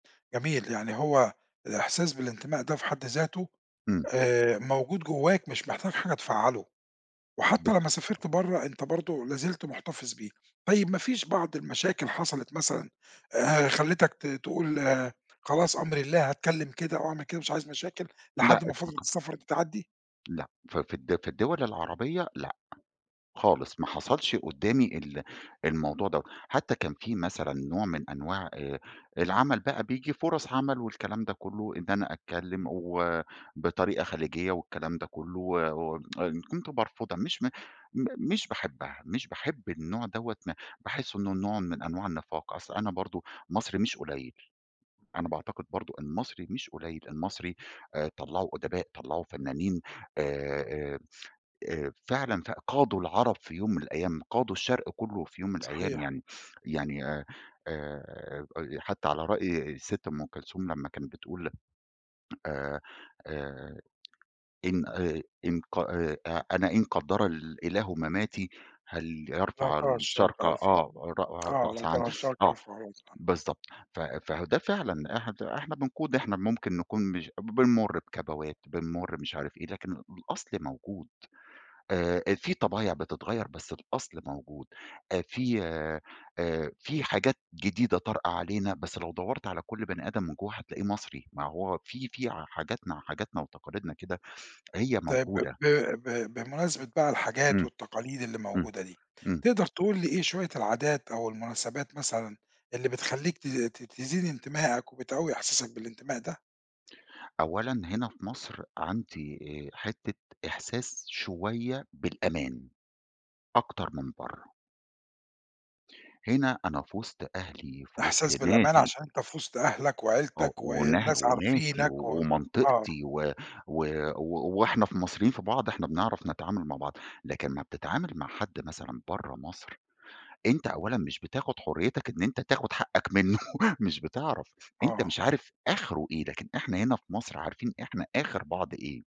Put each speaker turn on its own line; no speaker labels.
جميل يعني هو الإحساس بالانتماء ده في حد ذاته،
امم.
آآ، موجود جواك مش محتاج حاجة تفعّله، وحتّى لمّا سافرت
[unintelligible]
برّا أنت برضو لا زلت مُحتفظ بيه، طيّب ما فيش بعض المشاكل حصلت مثلًا، آآ، خلتك ت تقول آآ، خلاص أمري لله هاتكلّم كده أو أعمل كده مش عايز مشاكل،
لأ إطلاقًا.
لحد ما فترة السفر دي تعدي؟
لأ، ف في الد في الدول العربيّة لأ، خالص ما حصلش قُدّامي ال الموضوع ده، حتّى كان في مثلًا نوع من أنواع آآ، العمل بقى بييجي فُرص عمل والكلام ده كلّه إن أنا أتكلّم
امم.
و بطريقة خليجية والكلام ده كلّه و و كُنت بارفضها مش م م مش باحبها، مش باحب النوع دوّة م باحِس إنّه نوع من أنواع النفاق، أصل أنا برضو، مصري مش قليّل، أنا باعتقد برضو المصري مش قليّل، المصري آآ طلّعوا أُدباء طلعوا فنّانين، آآ آآ آآ فعلًا فع قادوا العرب في يوم من الأيّام، قادوا الشرق كلّه في يوم الأيّام
صحيح.
يعني يعني آآ آآ، حتّى على رأي الست أم كلثوم لمّا كانت بتقول، آآ آآ، "إن آآ إن ق آآ أ أنا إن قدّر إلإله مَمَاتي، هل
"لا
يرفع
ترى الشرق
الشرق"
يرفع"
آه "رأ
آه، لأ
رأس عن"
ترى الشرق
آه،
يرفع الرأس [unintelligible]
بالضبط، ف فهو ده فعلًا إحنا إحنا بنقود إحنا ممكن نكون مش ب بنمر بكبوات، بنمر مش عارف إيه، لكن الأصل موجود، آآ في طبايع بتتغيّر بس الأصل موجود، آآ في آآ في حاجات جديدة طارئة علينا، بس لو دوَّرت على كُلّ بني آدم من جوه هتلاقيه مصري، ما هو في في حاجاتنا حاجاتنا وتقاليدنا كده، هي
طيب ب
موجودة.
ب ب بمناسبة بقى الحاجات
امم،
والتقاليد اللي
امم،
موجودة دي،
امم.
تقدر تقول لي إيه شويّة العادات أو المناسبات مثلًا، اللي بتخليك ت ت تزيد انتماءك وبتقوي إحساسك بالانتماء ده؟
أولًا هنا في مصر عندي آآ، حتّة إحساس شويّة بالأمان، أكتر من برّه. هنا أنا في وسط أهلي، في وسط
إحساس بالأمان
ناسي
عشان أنت في وسط أهلك
آه
وعيلتك
ونه
والناس
وناسي
عارفينك
و
و آه.
ومنطقتي و و و وإحنا في مصريين في بعض، إحنا بنعرف نتعامل مع بعض، لكن أما بتتعامل مع حد مثلًا برّا مصر، أنت أولًا مش بتاخد حريتك إن أنت تاخد حقك منّه، مش بتعرف، أنت مش
آه.
عارف آخره إيه، لكن إحنا هنا في مصر عارفين إحنا آخر بعض إيه.